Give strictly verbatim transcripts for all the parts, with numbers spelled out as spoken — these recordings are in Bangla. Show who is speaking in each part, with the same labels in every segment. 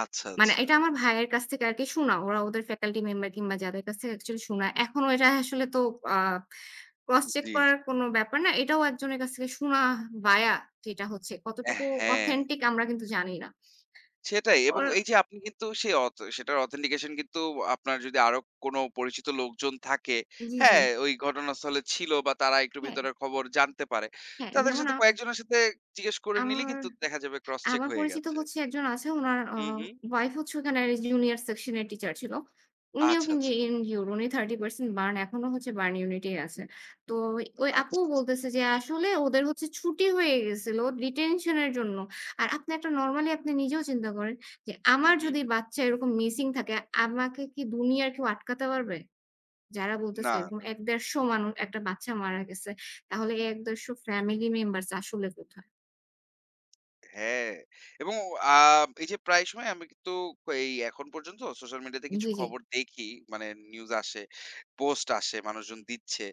Speaker 1: আচ্ছা,
Speaker 2: মানে
Speaker 1: আচ্ছা।
Speaker 2: এটা আমার ভাইয়ের কাছ থেকে আরকি শোনা। ওরা ওদের ফ্যাকাল্টি মেম্বার কিংবা যাদের কাছ থেকে অ্যাকচুয়ালি শোনা। এখনও এটা আসলে তো আ ক্রস
Speaker 1: জ্বী,
Speaker 2: চেক
Speaker 1: জ্বী।
Speaker 2: করার কোনো ব্যাপার না। এটাও একজনের কাছ থেকে শোনা ভায়া যেটা হচ্ছে।
Speaker 1: এ
Speaker 2: কতটুকু
Speaker 1: হ্যাঁ।
Speaker 2: অথেন্টিক আমরা কিন্তু জানি না।
Speaker 1: সেটাই এবং
Speaker 2: ওর
Speaker 1: এইযে আপনি কিন্তু সে অথ সেটার অথেন্টিকেশন কিন্তু আপনার যদি আরো কোনো পরিচিত লোকজন থাকে।
Speaker 2: জ্বী,
Speaker 1: হ্যাঁ,
Speaker 2: জ্বী।
Speaker 1: ওই ঘটনাস্থলে ছিল বা তারা একটু
Speaker 2: হ্যাঁ।
Speaker 1: ভেতরের খবর জানতে পারে।
Speaker 2: হ্যাঁ,
Speaker 1: তাদের
Speaker 2: যেমন
Speaker 1: সাথে
Speaker 2: আমা
Speaker 1: কয়েকজনের সাথে জিজ্ঞেস করে নিলেই
Speaker 2: আমার
Speaker 1: কিন্তু দেখা যাবে ক্রস চেক
Speaker 2: আমার
Speaker 1: হয়ে
Speaker 2: পরিচিত
Speaker 1: গেছে।
Speaker 2: হচ্ছে একজন আছে। উনার আ
Speaker 1: হু, হু।
Speaker 2: উয়াইফ হচ্ছে ওখানের জুনিয়র সেকশন এর টিচার ছিল। উনিও
Speaker 1: আচ্ছা,
Speaker 2: কিন্তু
Speaker 1: আচ্ছা।
Speaker 2: ইনজিউর উনি thirty percent বার্ন এখনো হচ্ছে বার্ন ইউনিট এই আছে। তো ওই
Speaker 1: আচ্ছা,
Speaker 2: আপুও
Speaker 1: আচ্ছা।
Speaker 2: বলতেছে যে আসলে ওদের হচ্ছে ছুটি হয়ে গেছিল ডিটেনশন এর জন্য। আর আপনি একটা নরমালি আপনি নিজেও চিন্তা করেন যে
Speaker 1: হু,
Speaker 2: আমার
Speaker 1: হু।
Speaker 2: যদি বাচ্চা এরকম মিসিং থাকে। আমাকে কি দুনিয়ার কেউ আটকাতে পারবে? যারা বলতেছে
Speaker 1: না,
Speaker 2: এরকম
Speaker 1: না।
Speaker 2: এক থেকে একশো পঞ্চাশ মানুষ একটা বাচ্চা মারা গেছে। তাহলে এই এক থেকে একশো পঞ্চাশ ফ্যামিলি মেম্বারস আসলে কোথায়?
Speaker 1: হ্যাঁ, এবং আ এইযে প্রায় সময় আমি কিন্তু তো এই এখন পর্যন্ত সোশ্যাল মিডিয়াতে কিছু
Speaker 2: জ্বী, জ্বী।
Speaker 1: খবর দেখি। মানে নিউজ আসে, পোস্ট আসে, মানুষজন দিচ্ছে।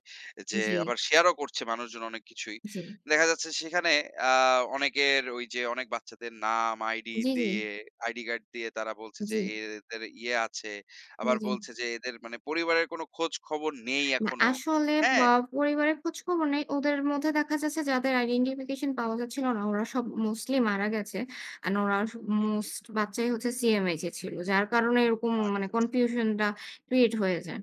Speaker 1: যে
Speaker 2: জ্বী।
Speaker 1: আবার শেয়ার ও করছে মানুষজন অনেক কিছুই।
Speaker 2: জি।
Speaker 1: দেখা যাচ্ছে সেখানে আ অনেকের ওই যে অনেক বাচ্চাদের নাম আইডি
Speaker 2: জ্বী, জ্বী।
Speaker 1: দিয়ে আইডি কার্ড দিয়ে তারা বলছে যে
Speaker 2: জ্বী।
Speaker 1: এদের ইয়ে আছে।
Speaker 2: জ্বী,
Speaker 1: আবার
Speaker 2: জ্বী।
Speaker 1: বলছে যে এদের মানে পরিবারের কোনো খোঁজ খবর নেই
Speaker 2: না
Speaker 1: এখনো।
Speaker 2: আসলে ব
Speaker 1: হ্যাঁ?
Speaker 2: পরিবারের খোঁজ খবর নেই। ওদের মধ্যে দেখা যাচ্ছে যাদের আইডেন্টিফিকেশন পাওয়া যাচ্ছিল না। ওরা সব মোস্টলি মারা গেছে। অ্যান্ড ওরা আস
Speaker 1: হু, হু।
Speaker 2: মোস্ট বাচ্চাই হচ্ছে CMH এ ছিল। যার কারণে এরকম মানে
Speaker 1: আচ্ছা, আচ্ছা।
Speaker 2: কনফিউশনটা ক্রিয়েট হয়ে যায়।